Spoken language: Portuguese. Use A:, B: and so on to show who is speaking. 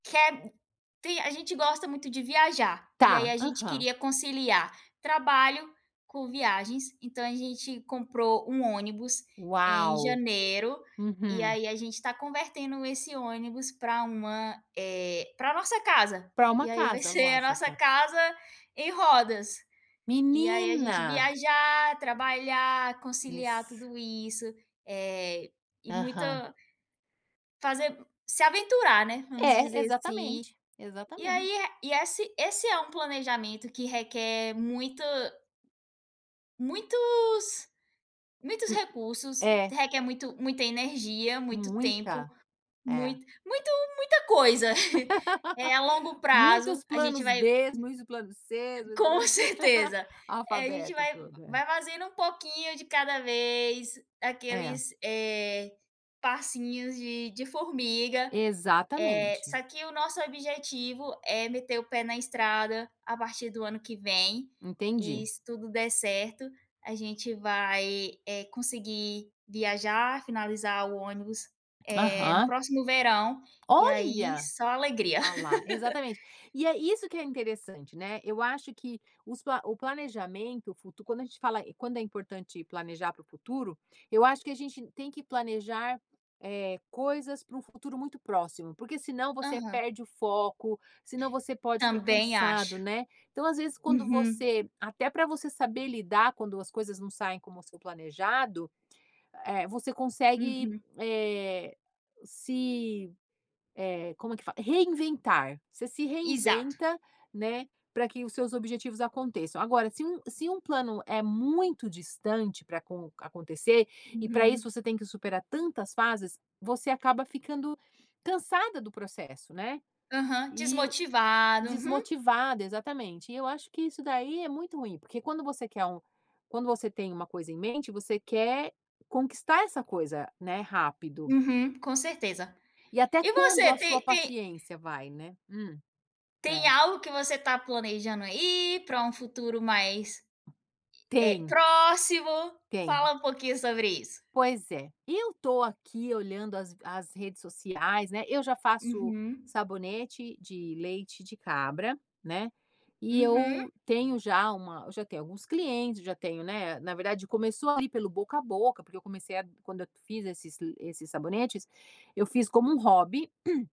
A: Quer sim, a gente gosta muito de viajar, e aí
B: Tá,
A: a gente
B: aham.
A: queria conciliar trabalho com viagens, então a gente comprou um ônibus, em
B: Uau,
A: janeiro, e
B: uhum.
A: aí a gente tá convertendo esse ônibus pra uma, eh, pra nossa casa.
B: Pra uma
A: E aí vai
B: casa,
A: ser a nossa
B: lógico.
A: casa em rodas. E aí a gente
B: Menina!
A: viajar, trabalhar, conciliar
B: Isso.
A: tudo isso, eh, e muito
B: Aham.
A: fazer mu se aventurar, né, vamos
B: É,
A: dizer assim.
B: exatamente,
A: E
B: exatamente.
A: aí, eh, e esse esse é um planejamento que requer muito muitos, muitos
B: Hum.
A: recursos,
B: É.
A: requer muito muita energia, muito tempo,
B: Muita. É.
A: muito muito muita coisa. Eh, a longo prazo,
B: Muitos
A: a gente
B: planos
A: vai
B: b's, muitos planos c's.
A: Com
B: [unintelligible]
A: certeza! Eh, a gente
B: Alfabeto
A: vai
B: todo, é.
A: vai fazendo um pouquinho de cada vez,
B: É.
A: aqueles, eh, passinhos de de formiga, eh,
B: Exatamente.
A: só que o nosso objetivo é meter o pé na estrada a partir do ano que vem, e
B: Entendi.
A: se tudo der certo, a gente vai, eh, conseguir viajar, finalizar o ônibus, eh, no
B: Aham.
A: próximo verão, e aí
B: Olha!
A: só alegria.
B: Olha lá! Exatamente. E é isso que é interessante, né, eu acho que os pla o planejamento, o futuro quando a gente fala quando é importante planejar para o futuro, eu acho que a gente tem que planejar, eh, coisas pra um futuro muito próximo, porque senão você
A: Aham.
B: perde o foco, senão você pode ficar
A: Também
B: cansado,
A: acho.
B: né. Então, às vezes, quando
A: Uhum.
B: você até pra você saber lidar quando as coisas não saem como o seu planejado, eh, você consegue,
A: Uhum.
B: eh, se eh, como é que fala? Reinventar. Você se
A: Exato!
B: reinventa, né, pra que os seus objetivos aconteçam. Agora, se um se um plano é muito distante para acon acontecer, e para
A: Uhum.
B: isso você tem que superar tantas fases, você acaba ficando cansada do processo, né?
A: Aham,
B: E o
A: desmotivado. Uhum.
B: desmotivada, exatamente e eu acho que isso daí é muito ruim, porque quando você quer um quando você tem uma coisa em mente, você quer conquistar essa coisa, né, rápido.
A: Uhum, com certeza.
B: E até
A: E
B: quando
A: você
B: a sua
A: tem tem
B: paciência vai, né? Hum.
A: tem
B: É.
A: algo que você tá planejando aí, pra um futuro mais, eh,
B: Tem.
A: próximo?
B: Tem.
A: Fala um pouquinho sobre isso.
B: Pois é, eu tô aqui olhando as as redes sociais, né, eu já faço
A: Uhum.
B: sabonete de leite de cabra, né, e eu
A: Uhum.
B: tenho já uma eu já tenho alguns clientes, já tenho, né, na verdade começou ali, pelo boca a boca, porque eu comecei a quando eu fiz esses li esses sabonetes, eu fiz como um hobby.